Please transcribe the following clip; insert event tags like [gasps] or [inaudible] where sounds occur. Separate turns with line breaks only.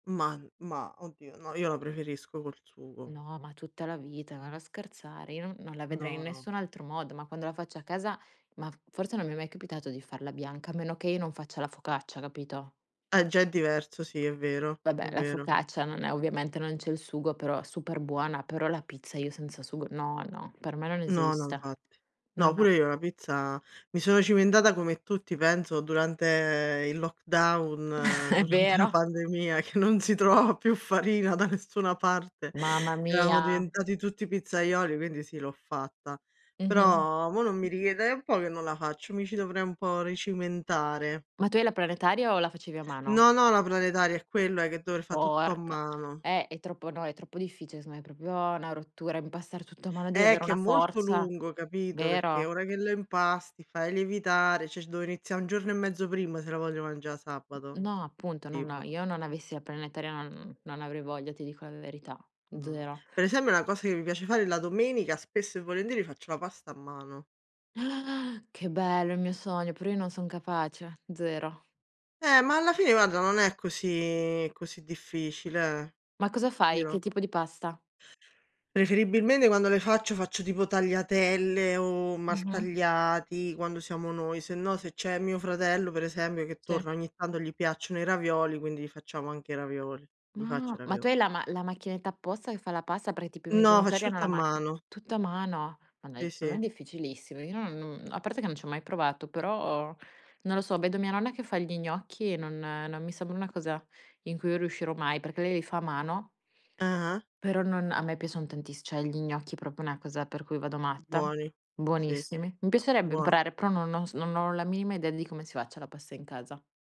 Mah, n mah, oddio, no, io la preferisco col sugo.
No, ma tutta la vita, ma non scherzare, io non non la vedrei in
No, no.
nessun altro modo, ma quando la faccio a casa, ma forse non mi è mai capitato di farla bianca, a meno che io non faccia la focaccia, capito?
Ah, già è diverso, sì è vero, è
Vabbè, la
vero.
focaccia non è ovviamente non c'è il sugo, però è super buona, però la pizza io senza sugo no, no, per me non
No, no,
esiste.
infatti.
No,
No,
no.
pure io la pizza mi sono cimentata come tutti penso durante il lockdown,
[chuckles] È
durante la
vero.
pandemia che non si trovava più farina da nessuna parte, [inhales]
Mamma
eravamo
mia.
diventati tutti pizzaioli, quindi sì, l'ho fatta.
Mh-mh.
Però mò non mi richiede è un po' che non la faccio, mi ci dovrei un po' ricimentare.
Ma tu hai la planetaria o la facevi a mano?
Non ho la planetaria è quella che dover fa tutto a
Porca
mano.
eh, è troppo no, è troppo difficile secondo me, è proprio 'na rottura, impastare tutto a mano, devi
Eh,
avere
che è
una
molto
forza,
lungo, capito, perché
vero?
ora che lo impasti, fai lievitare, cioè dovrei iniziare un giorno e mezzo prima se la voglio mangià sabato
No, appunto, no, no,
tipo
io non avessi il planetaria, non non avrei voglia, ti dico la verità,
No.
0.
Per esempio la cosa che mi piace fare la domenica, spesso e volentieri faccio la pasta a mano.
[gasps] Che bello, il mio sogno, però io non son capace. 0.
Eh, ma alla fine guarda non è così così difficile, eh?
Ma cosa
Ti
fai?
dirò.
Che tipo di pasta?
Preferibilmente quando le faccio, faccio tipo tagliatelle o
Mh-mh.
maltagliati quando siamo noi, sennò se c'è mio fratello, per esempio, che
Sì.
torna ogni tanto, gli piacciono i ravioli, quindi gli facciamo anche i ravioli, gli faccio
Ma,
i
ma tu
ravioli.
hai la ma la macchinetta apposta che fa la pasta? Perché tipo i miei
No,
genitori
faccio
hanno
tutto a
la macchin
mano.
tutto a mano? Ma dai,
Sì,
secondo
sì.
me è difficilissimo. Io no non a parte che non ci ho mai provato, però non lo so, vedo mia nonna che fa gli gnocchi e non non mi sembra una cosa in cui riuscirò mai, perché lei li fa a mano
Ah-ah.
però non a me piacciono tantis cioè gli gnocchi proprio una cosa per cui vado
U
matta.
buoni, sì,
Buonissimi. Mi piacerebbe
buon
imparare, però non ho s non ho la minima idea di come si faccia la pasta in casa.